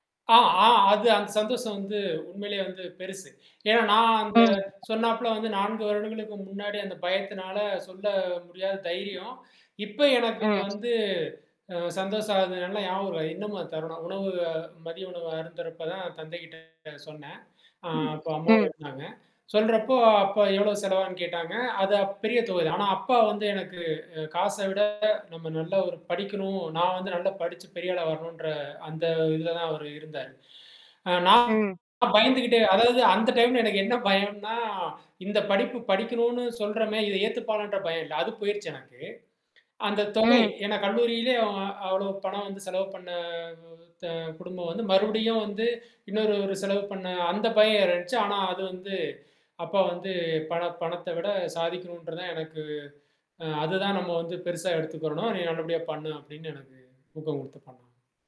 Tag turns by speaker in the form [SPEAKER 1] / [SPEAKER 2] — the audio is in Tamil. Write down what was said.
[SPEAKER 1] ஆ ஆ அது, அந்த சந்தோஷம் வந்து உண்மையிலயே வந்து பெருசு. ஏன்னா நான் அந்த
[SPEAKER 2] ம்.
[SPEAKER 1] சொன்னாப்ல வந்து 4 வருடங்களுக்கு முன்னாடி அந்த பயத்தினால சொல்ல முடியாத தைரியம். இப்போ எனக்கு
[SPEAKER 2] ம்.
[SPEAKER 1] வந்து அ சந்தோஷம் அது நல்லா ஞாபகம், அ இன்னமும் அது தருணம் உணவு மதிய உணவு அருந்துறப்ப தான் தந்தைகிட்ட சொன்னேன். அ
[SPEAKER 2] ம்.
[SPEAKER 1] அப்ப அம்மாவும்
[SPEAKER 2] ம்.
[SPEAKER 1] இருந்தாங்க. சொல்றப்போ அப்பா எவ்ளோ செலவாகுன்னு கேட்டாங்க, அது அப் பெரிய தொகை தான். ஆனா அப்பா வந்து எனக்கு அ காச விட நம்ம நல்லா ஒரு படிக்கனும், நான் வந்து நல்லா படிச்சு பெரிய ஆளா வரனுன்ற அந்த இதில தான் அவரு இருந்தாரு. அ நான்
[SPEAKER 2] ம்.
[SPEAKER 1] பயந்துகிட்டே, அதாவது அந்த டைம்ல எனக்கு என்ன பயம்ன்னா இந்த படிப்பு படிக்கனுன்னு சொல்றமே, இத ஏத்துப்பாங்களான்ற பயம் இல்லை. அது போயிருச்சு எனக்கு. அந்தத் தொகை,
[SPEAKER 2] ம்.
[SPEAKER 1] ஏன்னா கல்லூரியிலே அவ்ளோ பணம் வந்து செலவு பண்ண த குடும்பம் வந்து மறுபடியும் வந்து இன்னொரு ஒரு செலவு பண்ண, அ அந்த பயம் இருந்துச்சு. ஆனா அது வந்து, அப்பா வந்து பண பணத்த விட சாதிக்கனுன்றதான் எனக்கு அ அது தான் நம்ம வந்து பெருசா எடுத்துக்குறணும். நீ நல்லபடியா பண்ணு, அப்டின்னு எனக்கு ஊக்கம் குடுத்து பண்ணாங்க.